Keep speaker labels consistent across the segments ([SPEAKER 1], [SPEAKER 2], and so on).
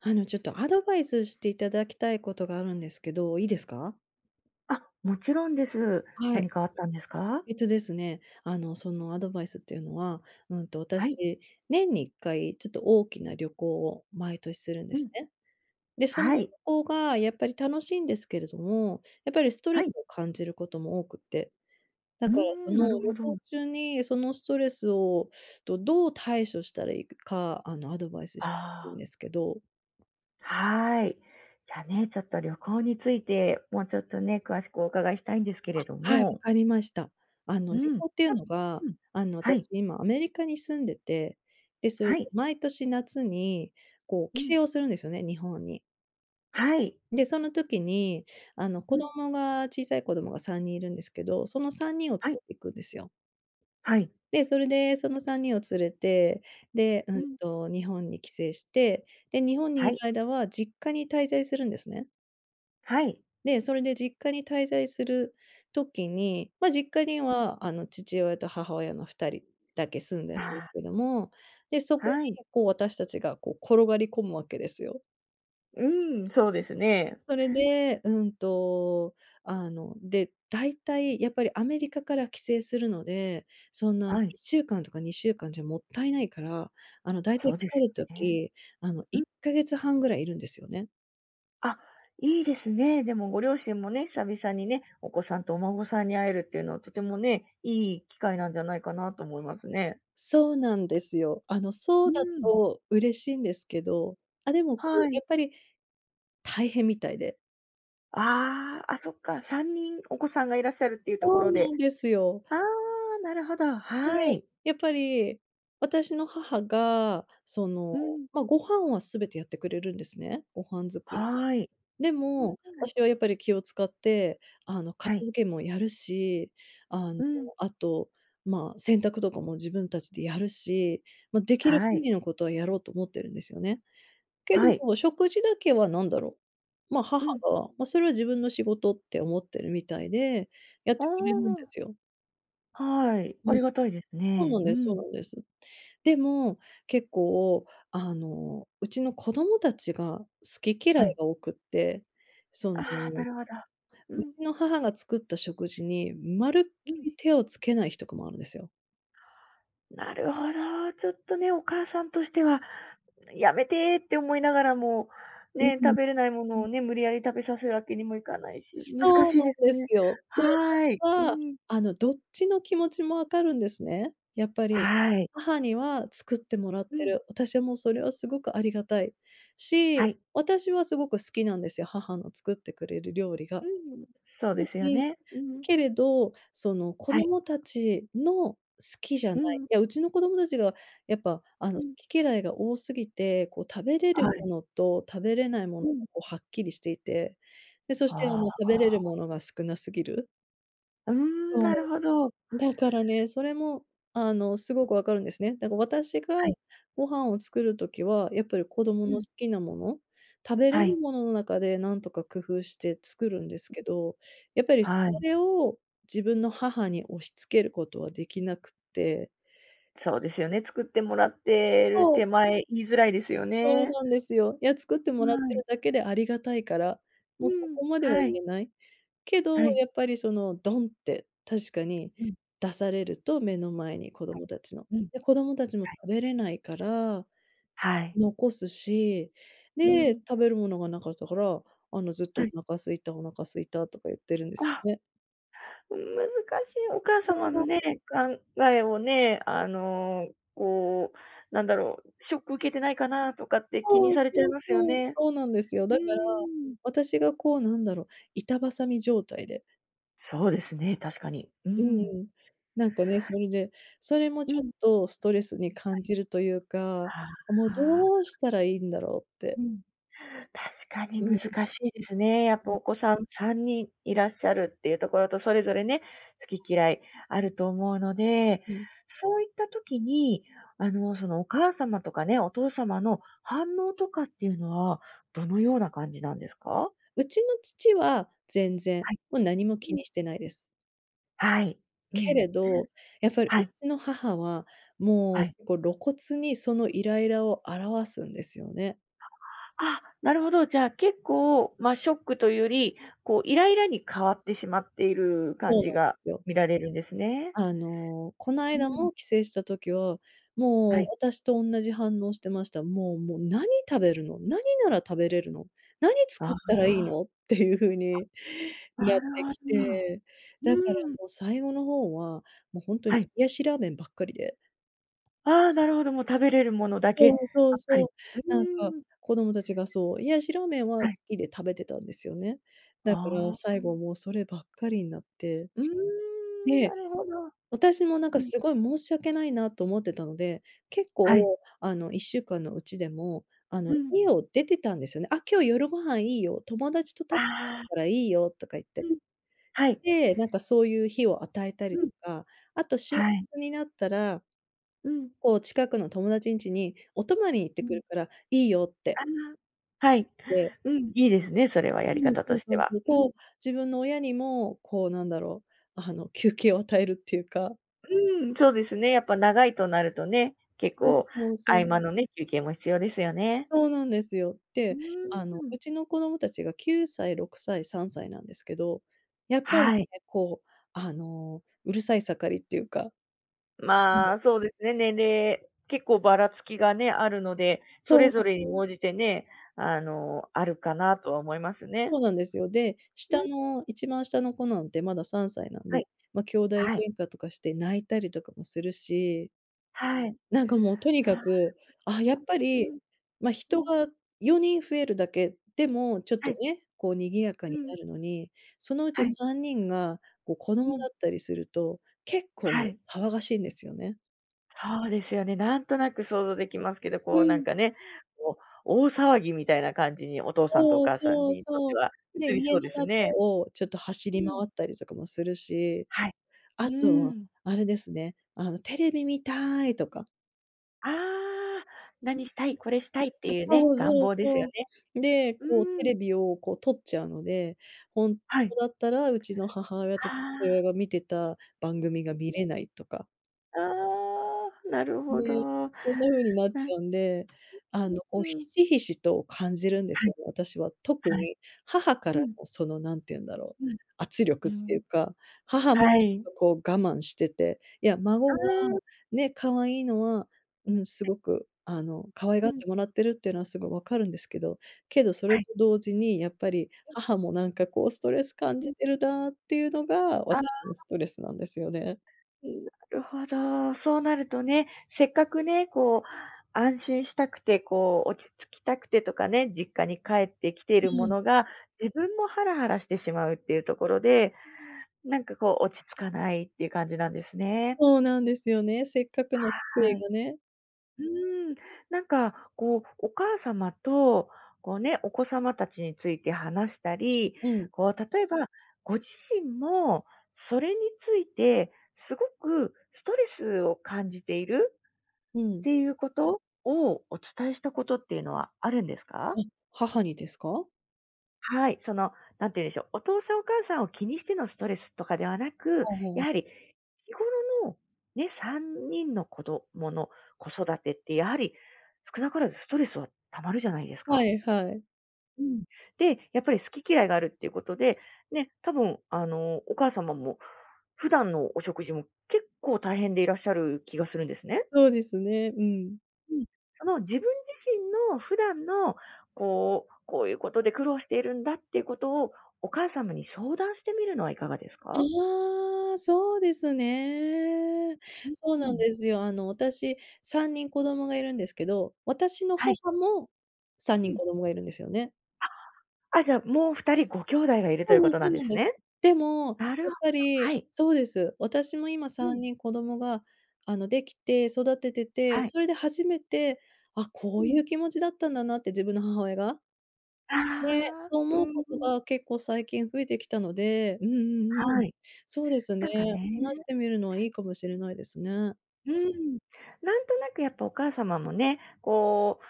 [SPEAKER 1] あのちょっと、アドバイスしていただきたいことがあるんですけど、いいですか？
[SPEAKER 2] あ、もちろんです。
[SPEAKER 1] は
[SPEAKER 2] 何
[SPEAKER 1] い。
[SPEAKER 2] かあったんですか？
[SPEAKER 1] えっとですね、あのそのアドバイスっていうのは、うんと
[SPEAKER 2] はい。
[SPEAKER 1] 私、年に1回ちょっと大きな旅行を、毎年するんで
[SPEAKER 2] うん。
[SPEAKER 1] すね。で、その旅
[SPEAKER 2] はい。
[SPEAKER 1] 行が、やっぱり楽しいんですけれども、やっぱりストレ
[SPEAKER 2] は
[SPEAKER 1] ス
[SPEAKER 2] い。
[SPEAKER 1] を感じることも多くって。だ
[SPEAKER 2] うー
[SPEAKER 1] からそ
[SPEAKER 2] ん、なる
[SPEAKER 1] の
[SPEAKER 2] ほ
[SPEAKER 1] 旅
[SPEAKER 2] ど。
[SPEAKER 1] 行中に、そのストレスをどどう対処したらいいか、あのアドバイスしてほし
[SPEAKER 2] あ
[SPEAKER 1] いん
[SPEAKER 2] あ。
[SPEAKER 1] ですけど。
[SPEAKER 2] はい。じゃあね、ちょっと旅行について、もうちょっとね、詳しくお伺いしたいんですけれど
[SPEAKER 1] あっ、はい、わ
[SPEAKER 2] も。
[SPEAKER 1] かりました。あの
[SPEAKER 2] う
[SPEAKER 1] 旅
[SPEAKER 2] ん。ち
[SPEAKER 1] 行っていう
[SPEAKER 2] ょっ
[SPEAKER 1] のが、
[SPEAKER 2] うん、
[SPEAKER 1] あの
[SPEAKER 2] はい。
[SPEAKER 1] 私、今アメリカに住んでて。で、それ
[SPEAKER 2] は
[SPEAKER 1] で
[SPEAKER 2] い。
[SPEAKER 1] 毎年夏に、こう
[SPEAKER 2] うん。
[SPEAKER 1] 帰省をするんですよね、日本に。
[SPEAKER 2] はい。
[SPEAKER 1] で、その時に、あの
[SPEAKER 2] う
[SPEAKER 1] 子
[SPEAKER 2] ん。
[SPEAKER 1] 供が小さい子供が3人いるんですけど、その3人を連
[SPEAKER 2] はい。
[SPEAKER 1] れていくんですよ。
[SPEAKER 2] はい。
[SPEAKER 1] で、それでその3人を連れて、で、う
[SPEAKER 2] う
[SPEAKER 1] ん
[SPEAKER 2] ん。
[SPEAKER 1] と日本に帰省して、で日本に
[SPEAKER 2] は
[SPEAKER 1] いる
[SPEAKER 2] い。
[SPEAKER 1] 間は、実家に滞在するんですね。
[SPEAKER 2] はい。
[SPEAKER 1] で、それで実家に滞在する時に、ま、実家に
[SPEAKER 2] うん。
[SPEAKER 1] は、あの父親と母親の2人だけ住んでるんで
[SPEAKER 2] あ
[SPEAKER 1] す
[SPEAKER 2] あ。
[SPEAKER 1] けども、で、そこ
[SPEAKER 2] はい。
[SPEAKER 1] に、こう私たちが、こう転がり込むわけですよ。
[SPEAKER 2] うん、そうですね。
[SPEAKER 1] それで、うんとあの、で、だいたいやっぱり、アメリカから帰省するので、そんないっ
[SPEAKER 2] はい。
[SPEAKER 1] しゅうかんとか2週間じゃ、もったいないから、あのだいた
[SPEAKER 2] そ
[SPEAKER 1] い
[SPEAKER 2] うです
[SPEAKER 1] 帰る
[SPEAKER 2] よね。
[SPEAKER 1] 時、あの
[SPEAKER 2] う
[SPEAKER 1] いっ
[SPEAKER 2] ん。
[SPEAKER 1] かげつ半ぐらい、いるんですよね。
[SPEAKER 2] あ、いいですね。でもご両親もね、久々にね、お子さんとお孫さんに会えるっていうのは、とてもね、いい機会なんじゃないかなと思いますね。
[SPEAKER 1] そうなんですよ。あの、そ
[SPEAKER 2] う
[SPEAKER 1] うだ
[SPEAKER 2] ん。
[SPEAKER 1] と嬉しんですけど。あ、でもこ
[SPEAKER 2] は
[SPEAKER 1] う、や
[SPEAKER 2] い。
[SPEAKER 1] っぱり大変みたいで。
[SPEAKER 2] ああ、あ、そっか。3人お子さんがいらっしゃるっていうとこ
[SPEAKER 1] そう
[SPEAKER 2] ろで
[SPEAKER 1] なんですよ。
[SPEAKER 2] ああ、なるほど、
[SPEAKER 1] い
[SPEAKER 2] は
[SPEAKER 1] えい、
[SPEAKER 2] い。
[SPEAKER 1] やっぱり、私の母がその、
[SPEAKER 2] うん。
[SPEAKER 1] ま、ご飯は全てやってくれるんですね、ご飯作り。
[SPEAKER 2] はい。
[SPEAKER 1] で
[SPEAKER 2] うん
[SPEAKER 1] も、
[SPEAKER 2] うん。
[SPEAKER 1] 私はやっぱり気を使って、あの
[SPEAKER 2] は
[SPEAKER 1] 片
[SPEAKER 2] い。
[SPEAKER 1] 付けもやるし、あの、
[SPEAKER 2] うん。
[SPEAKER 1] あと、ま、洗濯とかも自分たちでやるし。ま、できる
[SPEAKER 2] は
[SPEAKER 1] 限
[SPEAKER 2] い。
[SPEAKER 1] りのことは、やろうと思ってるんですよね。け
[SPEAKER 2] はい。
[SPEAKER 1] ど、食事だけはなんだろう、ま、母
[SPEAKER 2] うん。
[SPEAKER 1] が、も、それは自分の仕事って思ってるみたいで、やっ
[SPEAKER 2] お
[SPEAKER 1] てくれるんで
[SPEAKER 2] お。
[SPEAKER 1] すよ。
[SPEAKER 2] はい、あ
[SPEAKER 1] うん、
[SPEAKER 2] りがたいです
[SPEAKER 1] そう
[SPEAKER 2] ね。
[SPEAKER 1] なん
[SPEAKER 2] う
[SPEAKER 1] ですそう
[SPEAKER 2] ん。
[SPEAKER 1] なんです。でも結構、あのうちの子供たちが、好き嫌
[SPEAKER 2] は
[SPEAKER 1] い
[SPEAKER 2] い。
[SPEAKER 1] が多くって。その、
[SPEAKER 2] ああ、なるほど。う
[SPEAKER 1] う
[SPEAKER 2] ん。
[SPEAKER 1] ちの母が作った食事に、まるっ
[SPEAKER 2] う
[SPEAKER 1] き
[SPEAKER 2] ん。
[SPEAKER 1] り手をつけない日とかもあるんですよ。
[SPEAKER 2] なるほど、ちょっとね、お母さんとしては「やめて！」って思いながらも、
[SPEAKER 1] うん。
[SPEAKER 2] ね、食べれないも
[SPEAKER 1] う
[SPEAKER 2] の
[SPEAKER 1] ん。
[SPEAKER 2] をね、無理やり食べさせるわけにもいかないし、難
[SPEAKER 1] そう
[SPEAKER 2] しいです
[SPEAKER 1] なんです
[SPEAKER 2] ね。
[SPEAKER 1] よ。で、私
[SPEAKER 2] はい。う
[SPEAKER 1] は、
[SPEAKER 2] ん。
[SPEAKER 1] あの、どっちの気持ちも分かるんですね。やっぱり
[SPEAKER 2] はい。
[SPEAKER 1] 母には作ってもらっ
[SPEAKER 2] う
[SPEAKER 1] て
[SPEAKER 2] ん。
[SPEAKER 1] る。私もそれはすごくありがたいし、
[SPEAKER 2] はい。
[SPEAKER 1] 私はすごく好きなんですよ、母の作ってくれる料理
[SPEAKER 2] う
[SPEAKER 1] が、
[SPEAKER 2] んうん、そう
[SPEAKER 1] う、う
[SPEAKER 2] ですよ
[SPEAKER 1] ん。
[SPEAKER 2] ね、うん。
[SPEAKER 1] けれど、その、子
[SPEAKER 2] はい。
[SPEAKER 1] 供たちの好きじゃな
[SPEAKER 2] う
[SPEAKER 1] い
[SPEAKER 2] ん。
[SPEAKER 1] いや、うちの子供たちがやっぱあの、
[SPEAKER 2] う
[SPEAKER 1] 好
[SPEAKER 2] ん。
[SPEAKER 1] き嫌いが多すぎて、こう、食べれる
[SPEAKER 2] はい。
[SPEAKER 1] ものと食べれないもの
[SPEAKER 2] う
[SPEAKER 1] が、
[SPEAKER 2] ん。
[SPEAKER 1] こう、はっきりしていて、で、そし
[SPEAKER 2] あ
[SPEAKER 1] てあ
[SPEAKER 2] あ、あ
[SPEAKER 1] の、食べれる
[SPEAKER 2] あ。
[SPEAKER 1] ものが少なすぎる。
[SPEAKER 2] うーん、なる
[SPEAKER 1] そ
[SPEAKER 2] ほど。
[SPEAKER 1] う。だからね、それもあの、すごくわかるんですね。だから私が
[SPEAKER 2] はい。
[SPEAKER 1] ご飯を作る時はやっぱり子供
[SPEAKER 2] う
[SPEAKER 1] の好
[SPEAKER 2] ん。
[SPEAKER 1] きなもの、食べれ
[SPEAKER 2] は
[SPEAKER 1] る
[SPEAKER 2] い。
[SPEAKER 1] ものの中で何とか工夫して作るんですけど、やっぱりそ
[SPEAKER 2] はい。
[SPEAKER 1] れを自分の母に押し付けることはできなくって
[SPEAKER 2] そうですよね、作ってもらってる
[SPEAKER 1] そう。
[SPEAKER 2] 手前言いづらいですよ
[SPEAKER 1] そう
[SPEAKER 2] ね。
[SPEAKER 1] なんですよ。いや作って
[SPEAKER 2] は
[SPEAKER 1] もらって
[SPEAKER 2] い。
[SPEAKER 1] るだけでありがたいから、も
[SPEAKER 2] う
[SPEAKER 1] うそ
[SPEAKER 2] ん、
[SPEAKER 1] こまでは
[SPEAKER 2] は
[SPEAKER 1] 言
[SPEAKER 2] い。
[SPEAKER 1] えない、けど、
[SPEAKER 2] はい。
[SPEAKER 1] やっぱりそのドンって確かに
[SPEAKER 2] うん。
[SPEAKER 1] 出されると、目の前に、子
[SPEAKER 2] はい。
[SPEAKER 1] 供たちの、
[SPEAKER 2] うん。
[SPEAKER 1] で、子供たちも
[SPEAKER 2] はい。
[SPEAKER 1] 食べれないから
[SPEAKER 2] はい。
[SPEAKER 1] 残すし、
[SPEAKER 2] う
[SPEAKER 1] で、
[SPEAKER 2] ん。
[SPEAKER 1] 食べるものがなかったから、あの、ずっと
[SPEAKER 2] はい。
[SPEAKER 1] 「お腹空いた、お腹すいた」とか言ってるんです
[SPEAKER 2] あ。
[SPEAKER 1] ね。
[SPEAKER 2] うん、難しい。お母
[SPEAKER 1] そ
[SPEAKER 2] 様
[SPEAKER 1] う
[SPEAKER 2] の
[SPEAKER 1] な
[SPEAKER 2] ね、考えをね、あの、こうなんだろう、「ショック受けてないかな？」とかって気に
[SPEAKER 1] そう、
[SPEAKER 2] さ
[SPEAKER 1] そ
[SPEAKER 2] れちゃい
[SPEAKER 1] う、
[SPEAKER 2] ますよ
[SPEAKER 1] そう、
[SPEAKER 2] ね。
[SPEAKER 1] そうなんですよ。
[SPEAKER 2] う
[SPEAKER 1] だから、
[SPEAKER 2] ーん。
[SPEAKER 1] 私がこう、なんだろう、板挟み状態で
[SPEAKER 2] そうですね、確かに。う
[SPEAKER 1] うん
[SPEAKER 2] ん。
[SPEAKER 1] うん。なんかね、それで、それも
[SPEAKER 2] う
[SPEAKER 1] ちょっ
[SPEAKER 2] ん。
[SPEAKER 1] と、ストレスに
[SPEAKER 2] は
[SPEAKER 1] 感
[SPEAKER 2] い。
[SPEAKER 1] じるというか、
[SPEAKER 2] は
[SPEAKER 1] もう、
[SPEAKER 2] あはあ。
[SPEAKER 1] どうしたらいいんだろうっ
[SPEAKER 2] う
[SPEAKER 1] て。
[SPEAKER 2] ん、確かに
[SPEAKER 1] う
[SPEAKER 2] 難
[SPEAKER 1] ん。
[SPEAKER 2] しいですね。やっ
[SPEAKER 1] う
[SPEAKER 2] ぱ
[SPEAKER 1] ん。
[SPEAKER 2] お子さん、3人いらっしゃるっていうところと、それぞれね、好き嫌いあると思うので。
[SPEAKER 1] うん。
[SPEAKER 2] そういった時に、あのそのお母様とかね、お父様の反応とかっていうのは、どのような感じなんですか？
[SPEAKER 1] うちの父は、全然
[SPEAKER 2] はい。
[SPEAKER 1] もう何も気
[SPEAKER 2] うん。
[SPEAKER 1] にしてないです。
[SPEAKER 2] はい、う
[SPEAKER 1] け
[SPEAKER 2] ん、
[SPEAKER 1] れど、やっぱりう
[SPEAKER 2] はい。
[SPEAKER 1] ちの母は、
[SPEAKER 2] は
[SPEAKER 1] も
[SPEAKER 2] い。
[SPEAKER 1] う、こ、露骨に、そのイライラを表すんですよね。
[SPEAKER 2] あ、なるほど。じゃあ結構、ま、ショックというより、こうイライラに変わってしまっている、
[SPEAKER 1] そ
[SPEAKER 2] 感
[SPEAKER 1] う
[SPEAKER 2] じ
[SPEAKER 1] なんで
[SPEAKER 2] が
[SPEAKER 1] すよ。
[SPEAKER 2] 見られるんですね。
[SPEAKER 1] あの、この
[SPEAKER 2] う
[SPEAKER 1] 間
[SPEAKER 2] ん。
[SPEAKER 1] も帰省した時は、
[SPEAKER 2] は
[SPEAKER 1] もう
[SPEAKER 2] い。
[SPEAKER 1] 私と同じ反応してました。「もうもう何食べるの？何なら食べれるの？何
[SPEAKER 2] あ
[SPEAKER 1] 作っ
[SPEAKER 2] あ。
[SPEAKER 1] たらいいの？」っていう風に
[SPEAKER 2] あ、
[SPEAKER 1] な
[SPEAKER 2] な
[SPEAKER 1] って
[SPEAKER 2] る
[SPEAKER 1] き
[SPEAKER 2] ほど。
[SPEAKER 1] て、だから
[SPEAKER 2] うーん。
[SPEAKER 1] もう最後の方は、もうほんとに
[SPEAKER 2] はい。
[SPEAKER 1] 冷やしラーメンばっかりで
[SPEAKER 2] ああ、なるほど。もう食べれるものだけ
[SPEAKER 1] そう、そ
[SPEAKER 2] ば
[SPEAKER 1] う、
[SPEAKER 2] っか
[SPEAKER 1] そ
[SPEAKER 2] り。
[SPEAKER 1] う。
[SPEAKER 2] う
[SPEAKER 1] なんか
[SPEAKER 2] ーん。
[SPEAKER 1] 子供たちが、そう、冷やしラーメンは好
[SPEAKER 2] はい。
[SPEAKER 1] きで、食べてたんですよね。だから
[SPEAKER 2] ああ、
[SPEAKER 1] 最
[SPEAKER 2] あ。
[SPEAKER 1] 後、もうそればっかりになって。
[SPEAKER 2] うーん、な
[SPEAKER 1] で、
[SPEAKER 2] るほど。
[SPEAKER 1] 私もなん
[SPEAKER 2] う
[SPEAKER 1] か、
[SPEAKER 2] ん。
[SPEAKER 1] すごい申し訳ないな、と思ってたので、結
[SPEAKER 2] はい。
[SPEAKER 1] 構、あの1週間のうちでも、あ
[SPEAKER 2] う
[SPEAKER 1] の
[SPEAKER 2] ん。
[SPEAKER 1] 家を出てたんですよね。「あ、今日夜ご飯いいよ。友達と
[SPEAKER 2] あ
[SPEAKER 1] 食べ
[SPEAKER 2] あ。
[SPEAKER 1] るからいいよ」とか言っ
[SPEAKER 2] う
[SPEAKER 1] たり。
[SPEAKER 2] ん、はい。
[SPEAKER 1] で、なんかそういう日を与えたり
[SPEAKER 2] う
[SPEAKER 1] と
[SPEAKER 2] ん。
[SPEAKER 1] か。あと仕
[SPEAKER 2] はい。
[SPEAKER 1] 事になったら、
[SPEAKER 2] うん。
[SPEAKER 1] こう近くの友達んちに、お泊まりに行っ
[SPEAKER 2] う
[SPEAKER 1] てく
[SPEAKER 2] ん。
[SPEAKER 1] るからいいよって。
[SPEAKER 2] ああ、はい、
[SPEAKER 1] で
[SPEAKER 2] うん、いいですね、それはやり
[SPEAKER 1] うん、そ
[SPEAKER 2] 方と
[SPEAKER 1] う
[SPEAKER 2] し
[SPEAKER 1] そ
[SPEAKER 2] て
[SPEAKER 1] うそ
[SPEAKER 2] は。
[SPEAKER 1] う。
[SPEAKER 2] う
[SPEAKER 1] こう、
[SPEAKER 2] ん。
[SPEAKER 1] 自分の親にも、こうなんだろう、あの休憩を与えるっていうか。
[SPEAKER 2] うーん、そうですね、やっぱ長いとなるとね、結
[SPEAKER 1] そう、
[SPEAKER 2] 構
[SPEAKER 1] そう、
[SPEAKER 2] 合
[SPEAKER 1] そう。
[SPEAKER 2] 間のね休憩も必要ですよね。
[SPEAKER 1] そうなんですよ。
[SPEAKER 2] う
[SPEAKER 1] で、
[SPEAKER 2] ーん、
[SPEAKER 1] あの、
[SPEAKER 2] うん。
[SPEAKER 1] うちの子供たちが9歳、6歳、3歳なんですけど、やっぱり
[SPEAKER 2] はい。
[SPEAKER 1] ね、こう、あの、うるさい盛りっていうかうん。
[SPEAKER 2] まあ、そうですね、年齢、結構ばらつきがねあるので、そ
[SPEAKER 1] そ
[SPEAKER 2] れぞ
[SPEAKER 1] う。
[SPEAKER 2] れに応じてね、あの、あるかなとは思いますね。
[SPEAKER 1] そうなんですよ。で、
[SPEAKER 2] う
[SPEAKER 1] 下
[SPEAKER 2] ん。
[SPEAKER 1] の一番下の子なんてまだ3歳なん
[SPEAKER 2] は
[SPEAKER 1] で、
[SPEAKER 2] い。
[SPEAKER 1] ま、きょうだい
[SPEAKER 2] はい。
[SPEAKER 1] 喧嘩とかして泣いたりとかもするし、
[SPEAKER 2] はい。
[SPEAKER 1] なんかもうとにか
[SPEAKER 2] はあ。
[SPEAKER 1] くああ、やっぱ
[SPEAKER 2] う
[SPEAKER 1] り、
[SPEAKER 2] ん。
[SPEAKER 1] ま、
[SPEAKER 2] う
[SPEAKER 1] 人
[SPEAKER 2] ん。
[SPEAKER 1] が4人増えるだけでもちょっ
[SPEAKER 2] は
[SPEAKER 1] と
[SPEAKER 2] い。
[SPEAKER 1] ね、こう賑やか
[SPEAKER 2] う
[SPEAKER 1] に
[SPEAKER 2] ん。
[SPEAKER 1] なるのに、そのうち
[SPEAKER 2] はい。
[SPEAKER 1] 3人がこう、子
[SPEAKER 2] う
[SPEAKER 1] 供だ
[SPEAKER 2] ん。
[SPEAKER 1] ったりすると結構もう
[SPEAKER 2] はい。
[SPEAKER 1] 騒がしいんですよね。
[SPEAKER 2] そうですよね、なんとなく想像できますけど、
[SPEAKER 1] う
[SPEAKER 2] こうなん
[SPEAKER 1] ん。
[SPEAKER 2] かね、こう大騒ぎみたいな感じに、お父さんとお
[SPEAKER 1] そう、
[SPEAKER 2] 母さん
[SPEAKER 1] そう、
[SPEAKER 2] にとっ
[SPEAKER 1] そ
[SPEAKER 2] ては
[SPEAKER 1] う。で、
[SPEAKER 2] 映り
[SPEAKER 1] 家
[SPEAKER 2] そう
[SPEAKER 1] の
[SPEAKER 2] です
[SPEAKER 1] 中
[SPEAKER 2] ね。
[SPEAKER 1] をちょっと走
[SPEAKER 2] う
[SPEAKER 1] り回
[SPEAKER 2] ん。
[SPEAKER 1] ったりとかもするし、
[SPEAKER 2] はい。う
[SPEAKER 1] あと
[SPEAKER 2] ー
[SPEAKER 1] は、
[SPEAKER 2] ん。
[SPEAKER 1] あれですね、あの、「テレビ見たーい！」とか
[SPEAKER 2] ああ、何
[SPEAKER 1] [unintelligible]
[SPEAKER 2] したい、これしたいって
[SPEAKER 1] あ。
[SPEAKER 2] いうね。
[SPEAKER 1] そう
[SPEAKER 2] 願
[SPEAKER 1] そう、
[SPEAKER 2] 望ですよ
[SPEAKER 1] そ
[SPEAKER 2] ね。
[SPEAKER 1] う。で、
[SPEAKER 2] う
[SPEAKER 1] こう、テ
[SPEAKER 2] ーん。
[SPEAKER 1] レビをこう、取っちゃうので。本
[SPEAKER 2] はい。
[SPEAKER 1] 当だったら、うちの母親と
[SPEAKER 2] あ
[SPEAKER 1] 父
[SPEAKER 2] あ。
[SPEAKER 1] 親が観てた番組が
[SPEAKER 2] う
[SPEAKER 1] 観
[SPEAKER 2] うん。
[SPEAKER 1] れないとか。
[SPEAKER 2] ああ、なる
[SPEAKER 1] で、
[SPEAKER 2] ほど。な
[SPEAKER 1] そんな風になっ
[SPEAKER 2] う
[SPEAKER 1] ち
[SPEAKER 2] ん
[SPEAKER 1] ゃうんで、あの、
[SPEAKER 2] う
[SPEAKER 1] ひ
[SPEAKER 2] んうん。
[SPEAKER 1] しひしと感じるんで
[SPEAKER 2] は
[SPEAKER 1] す
[SPEAKER 2] い。
[SPEAKER 1] よね、私は。特
[SPEAKER 2] はい。
[SPEAKER 1] に母か
[SPEAKER 2] う
[SPEAKER 1] ら
[SPEAKER 2] ん。
[SPEAKER 1] の、その、何て言うんだろう
[SPEAKER 2] うん。
[SPEAKER 1] 圧
[SPEAKER 2] う
[SPEAKER 1] 力っていう
[SPEAKER 2] ん。
[SPEAKER 1] か、母もち
[SPEAKER 2] は
[SPEAKER 1] ょ
[SPEAKER 2] い。
[SPEAKER 1] っとこう我慢してて。いや、
[SPEAKER 2] あ
[SPEAKER 1] 孫が
[SPEAKER 2] あ。
[SPEAKER 1] ね、可愛いのはうん、す
[SPEAKER 2] はい。
[SPEAKER 1] ごくあの、可愛が
[SPEAKER 2] う
[SPEAKER 1] っ
[SPEAKER 2] ん。
[SPEAKER 1] てもらってるっていうのは、すごいわかるんですけど。けど、それ
[SPEAKER 2] はい。
[SPEAKER 1] と同時にやっぱり、
[SPEAKER 2] うん。
[SPEAKER 1] 母もなんかこう、ストレス感
[SPEAKER 2] う
[SPEAKER 1] じ
[SPEAKER 2] ん。
[SPEAKER 1] てるなっていうのが、私
[SPEAKER 2] あら。
[SPEAKER 1] のストレスなんですよね。
[SPEAKER 2] なるほど。そうなるとね、せっかくね、こう安心したくて、こう落ち着きたくてとかね、実家に帰ってきている
[SPEAKER 1] う
[SPEAKER 2] も
[SPEAKER 1] ん。
[SPEAKER 2] のが、自分もハラハラしてしまうっていうところで、なんかこう、落ち着かないっていう感じなんですね。
[SPEAKER 1] そうなんですよね。せっかくの帰
[SPEAKER 2] は
[SPEAKER 1] 省
[SPEAKER 2] い。
[SPEAKER 1] がね。
[SPEAKER 2] うーん、なんかこう、お母様とこうね、お子様たちについて話したり、
[SPEAKER 1] うん。
[SPEAKER 2] こう、例えばご自身も、それについてすごくストレスを感じている
[SPEAKER 1] う
[SPEAKER 2] っ
[SPEAKER 1] ん。
[SPEAKER 2] ていうことを、お伝えしたことっていうのはあるんですか？
[SPEAKER 1] え、母にですか？
[SPEAKER 2] はい、その、何て言うんでしょう、お父さんお母さんを気にしてのストレスとかではなく、や
[SPEAKER 1] [unintelligible]
[SPEAKER 2] はり日頃の、ね、3人の子どもの子育てって、やはり少なからずストレスは溜まるじゃないです
[SPEAKER 1] は
[SPEAKER 2] か。
[SPEAKER 1] いはい。
[SPEAKER 2] うん、で、やっぱり好き嫌いがあるっていうことで、ね、多分あの、お母様も、普段のお食事も結構大変でいらっしゃる気がするんですね。
[SPEAKER 1] そうですね、うん。
[SPEAKER 2] うん。その、自分自身の普段の、こう、「こういうことで、苦労しているんだ」っていうことを、お母様に相談してみるのはいかがですか？
[SPEAKER 1] いや、そうですね。
[SPEAKER 2] う、
[SPEAKER 1] そう
[SPEAKER 2] う
[SPEAKER 1] なん
[SPEAKER 2] ん。
[SPEAKER 1] ですよ、あの私、3人子供が居るんですけど、私の
[SPEAKER 2] はい。
[SPEAKER 1] 母もさん
[SPEAKER 2] う
[SPEAKER 1] にん子
[SPEAKER 2] ん。
[SPEAKER 1] 供が居るんですよね。
[SPEAKER 2] ああ、あ！じゃ、もう2人、ごきょうだいがいると
[SPEAKER 1] そ
[SPEAKER 2] いう
[SPEAKER 1] うそ
[SPEAKER 2] こ
[SPEAKER 1] う、
[SPEAKER 2] とな
[SPEAKER 1] そう
[SPEAKER 2] んで
[SPEAKER 1] なん
[SPEAKER 2] す
[SPEAKER 1] です。
[SPEAKER 2] ね。
[SPEAKER 1] でも、
[SPEAKER 2] なるほ
[SPEAKER 1] やっ
[SPEAKER 2] ど、
[SPEAKER 1] ぱり
[SPEAKER 2] はい。
[SPEAKER 1] そうです。私も今
[SPEAKER 2] う
[SPEAKER 1] さん
[SPEAKER 2] ん。
[SPEAKER 1] にん子供があの、出来て、育ててて、
[SPEAKER 2] はい。
[SPEAKER 1] それで初めて、「あ、こ
[SPEAKER 2] う
[SPEAKER 1] うい
[SPEAKER 2] ん。
[SPEAKER 1] う気持ちだったんだな」って自分の母親が。
[SPEAKER 2] あ
[SPEAKER 1] で、
[SPEAKER 2] あ、
[SPEAKER 1] そう
[SPEAKER 2] う
[SPEAKER 1] 思う
[SPEAKER 2] ん、
[SPEAKER 1] こと
[SPEAKER 2] うん。
[SPEAKER 1] が結構最近増えてきたのでうんうん、ううん。
[SPEAKER 2] はい。
[SPEAKER 1] そうですね、
[SPEAKER 2] なんかね
[SPEAKER 1] 話してみるのはいいかもしれないですね。
[SPEAKER 2] うん。なんとなくやっぱ、お母様もね、こ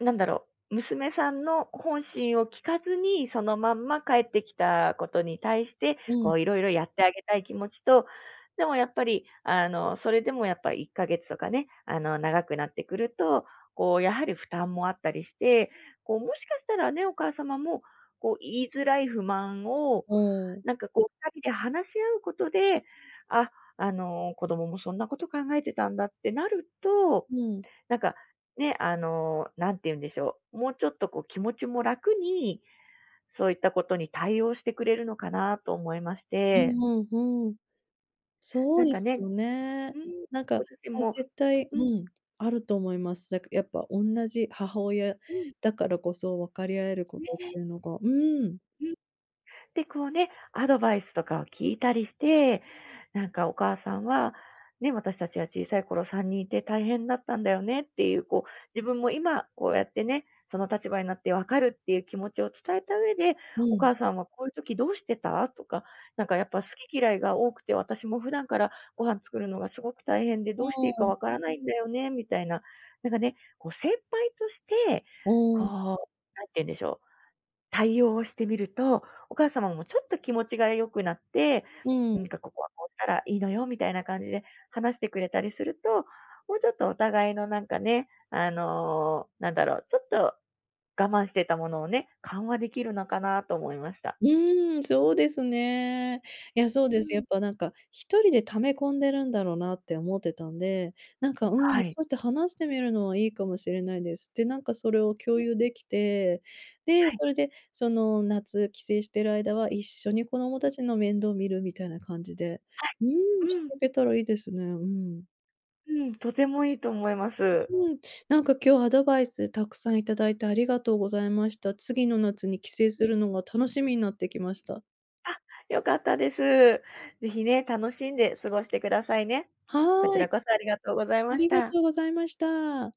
[SPEAKER 2] う、なんだろう、娘さんの本心を聞かずに、そのまんま帰ってきたことに対して、
[SPEAKER 1] う
[SPEAKER 2] こ
[SPEAKER 1] ん。
[SPEAKER 2] ういろいろやってあげたい気持ちと、でもやっぱり、あのそれでもやっぱり、1か月とかね、あの長くなってくると、こうやはり、負担もあったりして。こうもしかしたらね、お母様もこう言いづらい不満を、
[SPEAKER 1] うーん。
[SPEAKER 2] なんかこう2人で話し合うことで、あ、あの子供もそんなこと考えてたんだ、ってなると、
[SPEAKER 1] うんうん。
[SPEAKER 2] なんか、ね、あの、なんて言うんでしょう、もうちょっとこう、気持ちも楽に、そういったことに対応してくれるのかな、と思いまし
[SPEAKER 1] う
[SPEAKER 2] て。
[SPEAKER 1] んうん。うん。そう
[SPEAKER 2] なん
[SPEAKER 1] で
[SPEAKER 2] か
[SPEAKER 1] す
[SPEAKER 2] ね。
[SPEAKER 1] よね。
[SPEAKER 2] うん、
[SPEAKER 1] なんか、
[SPEAKER 2] ご自身
[SPEAKER 1] あ、
[SPEAKER 2] も
[SPEAKER 1] 絶対、
[SPEAKER 2] うん。
[SPEAKER 1] うん、あると思います。だかやっぱ、同じ母親
[SPEAKER 2] うん。
[SPEAKER 1] だからこそ、分かり合えるこ
[SPEAKER 2] ね
[SPEAKER 1] とっ
[SPEAKER 2] え。
[SPEAKER 1] ていうのが。うん。
[SPEAKER 2] ん、で、こうね、アドバイスとかを聞いたりして、なんかお母さんは、ね、私たちは小さい頃、3人いて、大変だったんだよねっていう、こう、自分も今こうやってね、その立場になって分かる、っていう気持ちを伝えた上で、
[SPEAKER 1] う
[SPEAKER 2] 「お
[SPEAKER 1] ん。
[SPEAKER 2] 母さんは、こういう時どうしてた？」とか、「なんかやっぱ、好き嫌いが多くて。私も普段から、ご飯作るのがすごく大変で、
[SPEAKER 1] う
[SPEAKER 2] ど
[SPEAKER 1] ん
[SPEAKER 2] うしていい
[SPEAKER 1] う
[SPEAKER 2] か
[SPEAKER 1] んうん。
[SPEAKER 2] 分からないんだよね」みたいな。なんかね、こう先輩として、こ
[SPEAKER 1] うん。
[SPEAKER 2] う、何て言うんでしょう、対応をしてみると、お母様も、ちょっと気持ちが良くなって、
[SPEAKER 1] うん。
[SPEAKER 2] なんか「ここは、こうしたらいいのよ」みたいな感じで、話してくれたりすると、もうちょっと、お互いのなんかね、あのなんだろう、ちょっと我慢してたものをね、緩和できるのかなと思いました。
[SPEAKER 1] うーん、そうですね。いや、そう
[SPEAKER 2] うー
[SPEAKER 1] です。や
[SPEAKER 2] ん。
[SPEAKER 1] っぱなんか、1人で溜め込んでるんだろうな、って思ってたんで。なんかうん、
[SPEAKER 2] はい。
[SPEAKER 1] そういって話してみるのは、いいかもしれないです。で、なんかそれを
[SPEAKER 2] うん
[SPEAKER 1] 共
[SPEAKER 2] うん。
[SPEAKER 1] 有できて、で、
[SPEAKER 2] はい。
[SPEAKER 1] それで、その夏、帰省している間は、一緒に子供
[SPEAKER 2] う
[SPEAKER 1] た
[SPEAKER 2] ん。
[SPEAKER 1] ちの面倒見る、みたいな感じで、
[SPEAKER 2] はい。
[SPEAKER 1] うん、
[SPEAKER 2] う
[SPEAKER 1] し
[SPEAKER 2] ん。
[SPEAKER 1] ていけたらいいですね。うん。
[SPEAKER 2] うん、とてもいいと思います。
[SPEAKER 1] う、うん。なんか今日アドバイス、たくさんいただいてありがとうございました。次の夏に帰省
[SPEAKER 2] う
[SPEAKER 1] す
[SPEAKER 2] ん。
[SPEAKER 1] るのが、楽しみになってきました。
[SPEAKER 2] あっ、良かったです。ぜひね、楽しんで過ごしてくださいね。こち
[SPEAKER 1] はい。
[SPEAKER 2] らこそありがとうござい
[SPEAKER 1] あ
[SPEAKER 2] まし
[SPEAKER 1] りが
[SPEAKER 2] た。
[SPEAKER 1] とうございました。